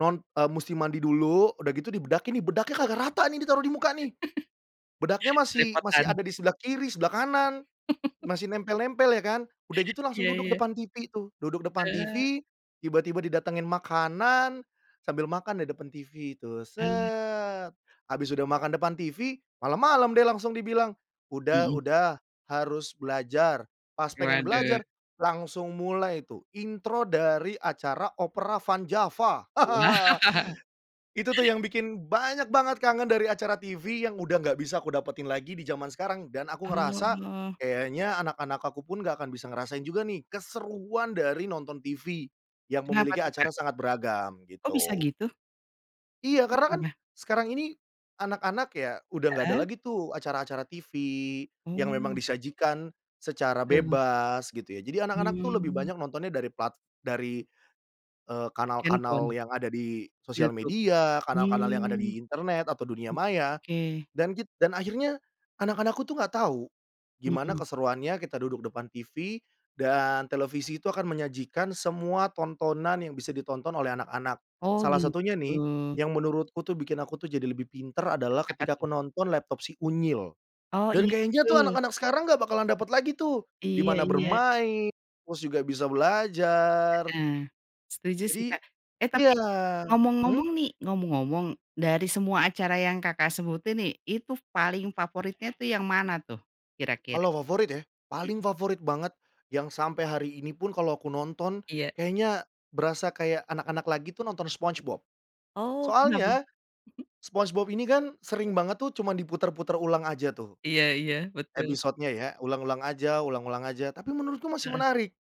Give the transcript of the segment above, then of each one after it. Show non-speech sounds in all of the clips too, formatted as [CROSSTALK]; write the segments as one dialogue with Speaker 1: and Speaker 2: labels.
Speaker 1: Non eee, musti mandi dulu, udah gitu dibedakin nih, bedaknya kagak rata nih ditaruh di muka, nih. Bedaknya
Speaker 2: [CHUCKLES]
Speaker 1: masih masih
Speaker 2: Belepotan.
Speaker 1: ada di sebelah kiri sebelah kanan,
Speaker 2: [CHUCKLES]
Speaker 1: masih nempel-nempel ya, kan? Udah gitu langsung
Speaker 2: Iya
Speaker 1: duduk
Speaker 2: iya.
Speaker 1: depan TV, tuh. Duduk depan
Speaker 2: Heeh.
Speaker 1: TV, tiba-tiba didatangin makanan, sambil makan deh depan TV tuh, set, habis udah makan depan TV, malam-malam deh langsung dibilang, "Udah,
Speaker 2: Mhm.
Speaker 1: udah harus belajar". Pas pengen
Speaker 2: Waduh.
Speaker 1: belajar langsung mulai tuh intro dari acara Opera Van Java. [LAUGHS]
Speaker 2: Wah.
Speaker 1: Itu tuh yang bikin banyak banget kangen dari acara TV yang udah nggak bisa kudapetin lagi di jaman sekarang. Dan aku ngerasa
Speaker 2: Oh.
Speaker 1: kayaknya anak-anak akupun nggak akan bisa ngerasain juga nih, keseruan dari nonton TV yang
Speaker 2: Kenapa
Speaker 1: memiliki
Speaker 2: tuh,
Speaker 1: acara
Speaker 2: Kak?
Speaker 1: sangat beragam,
Speaker 2: Oh, bisa,
Speaker 1: gitu.
Speaker 2: gitu?
Speaker 1: Iya. Karena kan
Speaker 2: Kenapa?
Speaker 1: sekarang ini anak-anak ya udah enggak ada
Speaker 2: Heeh.
Speaker 1: lagi tuh acara-acara TV yang memang
Speaker 2: Oh.
Speaker 1: disajikan secara
Speaker 2: Betul.
Speaker 1: bebas, gitu ya. Jadi anak-anak tuh lebih
Speaker 2: Hmm.
Speaker 1: banyak nontonnya dari plat dari, eee, kanal-kanal
Speaker 2: Handphone.
Speaker 1: yang ada di sosial
Speaker 2: Youtube.
Speaker 1: media, kanal-kanal yang ada
Speaker 2: Hmm.
Speaker 1: di internet atau dunia
Speaker 2: Oke
Speaker 1: maya
Speaker 2: oke.
Speaker 1: dan git dan akhirnya anak-anakku tuh enggak tahu gimana
Speaker 2: Mhm.
Speaker 1: keseruannya kita duduk depan TV dan televisi itu akan menyajikan semua tontonan yang bisa ditonton oleh anak-anak.
Speaker 2: Oh,
Speaker 1: Salah satunya nih,
Speaker 2: gitu.
Speaker 1: yang menurutku tuh bikin aku tuh jadi lebih pinter adalah
Speaker 2: Apa,
Speaker 1: ketika aku
Speaker 2: tuh?
Speaker 1: nonton Laptop Si Unyil.
Speaker 2: Oh,
Speaker 1: Dan
Speaker 2: iya,
Speaker 1: kayaknya tuh
Speaker 2: betul.
Speaker 1: anak-anak sekarang nggak bakalan dapat lagi tuh,
Speaker 2: Iya
Speaker 1: dimana
Speaker 2: iya.
Speaker 1: bermain terus juga bisa belajar.
Speaker 2: Heeh. Setuju sih,
Speaker 1: Jadi,
Speaker 2: Kak. Eh, tapi
Speaker 1: iya. Mhm?
Speaker 2: ngomong-ngomong nih, ngomong-ngomong dari semua acara yang Kakak sebutin nih, itu paling favoritnya tuh yang mana tuh, kira-kira?
Speaker 1: Kalau favorit, ya? Paling
Speaker 2: Mhm.
Speaker 1: favorit banget yang sampai hari ini pun kalau aku nonton
Speaker 2: Iya.
Speaker 1: kayaknya berasa kayak anak-anak lagi tuh, nonton Spongebob.
Speaker 2: Oh, kenapa?
Speaker 1: Soalnya
Speaker 2: Mhm.
Speaker 1: Spongebob ini kan sering banget tuh cuma diputer-puter ulang aja tuh.
Speaker 2: Iya iya. Betul.
Speaker 1: Episode-nya ya ulang-ulang aja, ulang-ulang aja tapi menurutku masih
Speaker 2: Heeh.
Speaker 1: menarik.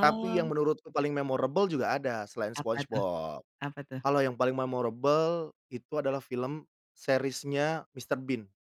Speaker 1: Tapi yang menurutku paling memorable juga ada selain
Speaker 2: Apa, tuh?
Speaker 1: Spongebob,
Speaker 2: Apa, tuh?
Speaker 1: kalau yang paling memorable itu adalah film series-nya Mr. Bean.